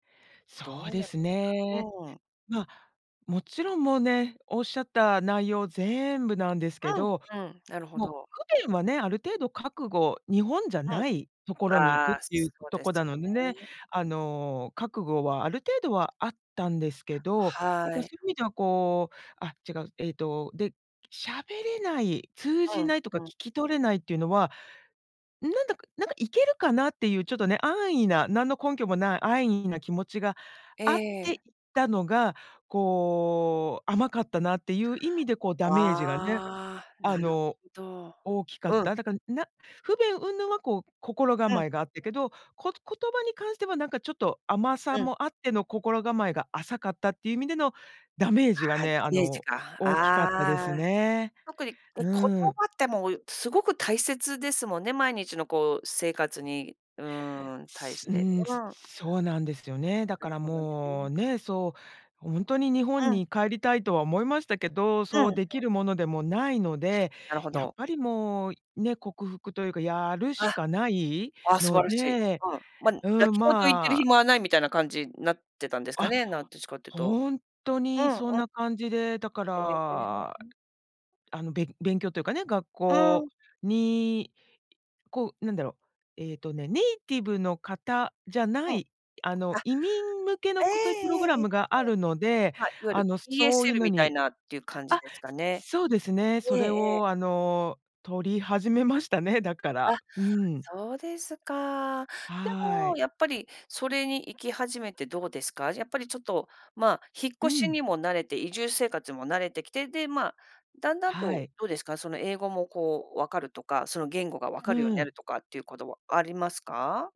そどううでなんすですか？ね。うん。ま、勿論、もうね、おっしゃった内容全部なんですけうど、ん、うん、なるほもう、ど。不便はね、ある程度覚悟日本じゃうん。ない所に行あくっあ、て言うそうとですこだなのでね、ね。あの、覚悟はある程度はあったんですけど、なんはか、そうい。言う意味では、こうあ、違う、えっとで、喋れない、通うじん、ないとか、聞うん。き取れないって言うのは、なんだか、なんか、いけるかなっていう、ちょっとね、安易な、何の根拠もない安易な気持ちがえあっていえ。たのが、こう、甘かったなって言う意味で、こう、ダメージがね、ああ、あなるの、ほど。大きかっうん。た。だから、な不便云々は、こう、心うん。構えがあったけど、こ言葉に関しては、なんか、ちょっと、甘さうん。もあっての心構えが浅かったって言う意味でのダメージがああ、ね、ダあメージの、か。大きかったですああ。ね。特に、え、言葉うーん。って、もう凄く大切ですもんね、毎日の、こう、生活に、うーん、対しうて。ーん、うん。そうなんですよね。だなかるらほどもう、ね。ね、そう、ほんとに日本うん。に帰りたいとは思いましたけど、うん、そう出そ来う。るものでもないので、なるほやっど。ぱりもう、ね、克服というか、やるしあ。かないあ、素の晴らしい。で。うん。ま、泣うーん、き言言ってるまあ暇はないみたいな感じ、なってたんですかあ、ね、なんどっちかって言うと。ほんとうにん-うそんな感じで、だかえら、え。あの、勉勉強と言うかね、学うー校ん。に、こう、何だろう、えっとね、ネイティブの方じゃなうん。い、あの、あ、移民向けの、ええこ、そう言うプロえグラえええ、ムがあはい。るので、はい、あ夜。の、そういう ESL のみたいになっていう感じあ、ですかね。そうですね、そええれええ。を、あの、取り始めましたね、だかあ、ら。うーん。そうですか。ではもい。やっぱり、それに行き始めてどうですか？じゃ、やっぱり、ちょっと、ま、引っう越しにん。も慣れて、移住生活も慣れてきて、で、ま、だんだんはと、い。どうですか？その英語も、こう、分かるとか、その、言語が分うかるようになん。るとかっていう事はありますか？